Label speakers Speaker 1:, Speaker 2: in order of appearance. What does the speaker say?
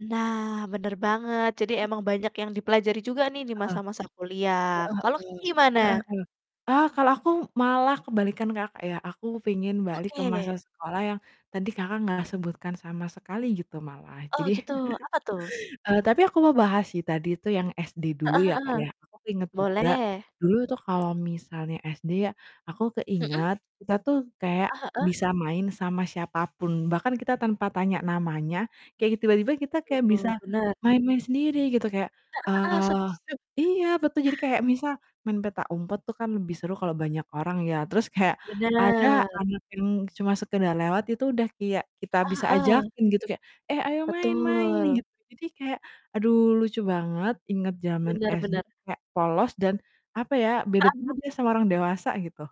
Speaker 1: Nah bener banget. Jadi emang banyak yang dipelajari juga nih di
Speaker 2: Heeh.
Speaker 1: masa-masa kuliah
Speaker 2: Heeh
Speaker 1: kalau, Kakak,
Speaker 2: heeh,
Speaker 1: gimana?
Speaker 2: heeh heeh. Ah, kalau aku malah kebalikan, Kakak, ya aku pengen balik ke masa
Speaker 1: Oke.
Speaker 2: sekolah yang tadi, Kakak, gak sebutkan sama sekali gitu malah.
Speaker 1: Oh,
Speaker 2: Jadi
Speaker 1: gitu. Apa tuh?
Speaker 2: eee, tapi aku mau bahas sih tadi tuh yang SD dulu
Speaker 1: Heeh
Speaker 2: ya, Kak,
Speaker 1: heeh,
Speaker 2: ya aku keinget juga
Speaker 1: boleh.
Speaker 2: dulu tuh kalau misalnya SD ya, aku
Speaker 1: Mhm.
Speaker 2: keinget kita tuh kayak
Speaker 1: Heeh heeh.
Speaker 2: bisa main sama siapapun bahkan kita tanpa tanya namanya kayak tiba-tiba kita
Speaker 1: Betul
Speaker 2: kayak bisa
Speaker 1: tuh, benar.
Speaker 2: main-main sendiri gitu kayak
Speaker 1: Heeh heeh,
Speaker 2: eee,
Speaker 1: setuju.
Speaker 2: iya betu jadi kayak misal main petak umpet tuh kan lebih seru kalau banyak orang ya terus kayak ada
Speaker 1: Bener.
Speaker 2: anak yang cuma sekedar lewat itu udah kayak kita
Speaker 1: Heeh
Speaker 2: bisa
Speaker 1: heeh.
Speaker 2: ajakin gitu kayak, "Eh ayo main main,"
Speaker 1: Betul.
Speaker 2: gitu. Jadi kayak aduh lucu banget inget zaman
Speaker 1: Bener
Speaker 2: SD
Speaker 1: bener.
Speaker 2: kayak polos dan, apa ya, beda-beda deh sama orang dewasa gitu.